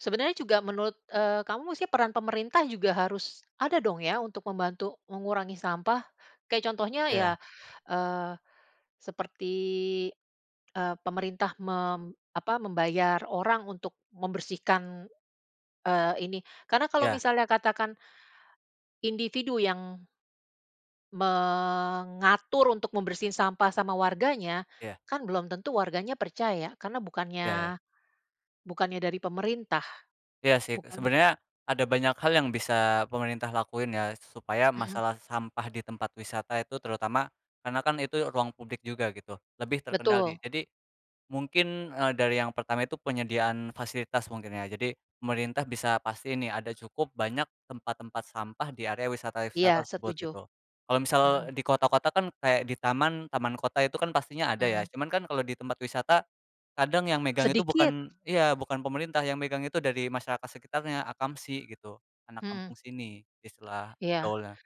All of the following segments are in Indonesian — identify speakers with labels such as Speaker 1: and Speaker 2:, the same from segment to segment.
Speaker 1: Sebenarnya juga menurut, eee, kamu sih peran pemerintah juga harus ada dong ya, untuk membantu mengurangi sampah. Kayak contohnya ya,
Speaker 2: Iya.
Speaker 1: eee, seperti, eee, pemerintah mem apa, membayar orang untuk membersihkan, eee, ini. Karena kalau
Speaker 2: Ya.
Speaker 1: misalnya katakan, individu yang eee, mengatur untuk membersihin sampah sama warganya,
Speaker 2: Iya.
Speaker 1: kan belum tentu warganya percaya, karena bukannya
Speaker 2: Iya.
Speaker 1: bukannya dari pemerintah.
Speaker 2: Iya sih.
Speaker 1: Bukan.
Speaker 2: Sebenarnya, ada banyak hal yang bisa pemerintah lakuin ya, supaya
Speaker 1: Mhm.
Speaker 2: masalah sampah di tempat wisata itu terutama karena kan itu ruang publik juga gitu, lebih terkendali.
Speaker 1: Betul.
Speaker 2: Jadi, eee, mungkin dari yang pertama itu penyediaan fasilitas mungkin ya, jadi, pemerintah bisa pastiin nih ada cukup banyak tempat-tempat sampah di area wisata-wisata
Speaker 1: Iya,
Speaker 2: tersebut,
Speaker 1: setuju.
Speaker 2: gitu. Kalau misal
Speaker 1: Mhm.
Speaker 2: di kota-kota kan, kayak di taman, taman kota itu kan pastinya ada ya,
Speaker 1: Mhm.
Speaker 2: cuman kan kalau di tempat wisata, kadang yang megang itu
Speaker 1: Sedikit.
Speaker 2: bukan iya. Bukan pemerintah yang megang itu dari masyarakat sekitarnya, akamsi gitu anak
Speaker 1: Mhm.
Speaker 2: kampung sini, istilah
Speaker 1: Iya.
Speaker 2: gaulnya.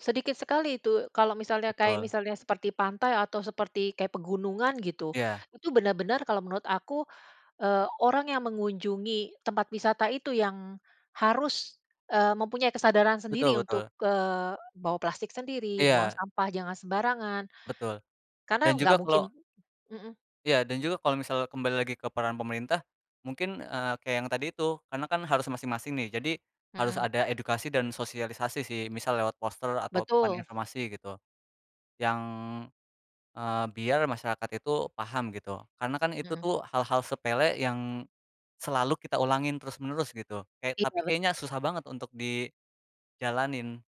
Speaker 1: Sedikit sekali itu, kalau misalnya, kayak
Speaker 2: Betul.
Speaker 1: misalnya seperti pantai atau seperti, kayak pegunungan, gitu.
Speaker 2: Iya.
Speaker 1: Itu benar benar kalau menurut aku, eee, orang yang mengunjungi tempat wisata itu yang harus, eee, mempunyai kesadaran
Speaker 2: Betul
Speaker 1: sendiri untuk,
Speaker 2: betul.
Speaker 1: eee, bawa plastik sendiri, buang
Speaker 2: Iya.
Speaker 1: sampah jangan sembarangan,
Speaker 2: Betul, dan
Speaker 1: karena gak
Speaker 2: juga
Speaker 1: mungkin
Speaker 2: kalau
Speaker 1: mhm.
Speaker 2: Iya, dan juga kalau misal kembali lagi ke peran pemerintah, mungkin, eee, kayak yang tadi itu, karena kan harus masing-masing nih. Jadi harus
Speaker 1: Mhm.
Speaker 2: ada edukasi dan sosialisasi sih, misal lewat poster atau papan
Speaker 1: Betul.
Speaker 2: informasi gitu yang, eee, biar masyarakat itu paham gitu. Karena kan itu
Speaker 1: Mhm.
Speaker 2: tuh hal-hal sepele yang selalu kita ulangin terus menerus gitu, kayak
Speaker 1: Oh,
Speaker 2: tapi
Speaker 1: gawat.
Speaker 2: kayaknya susah banget untuk dijalanin.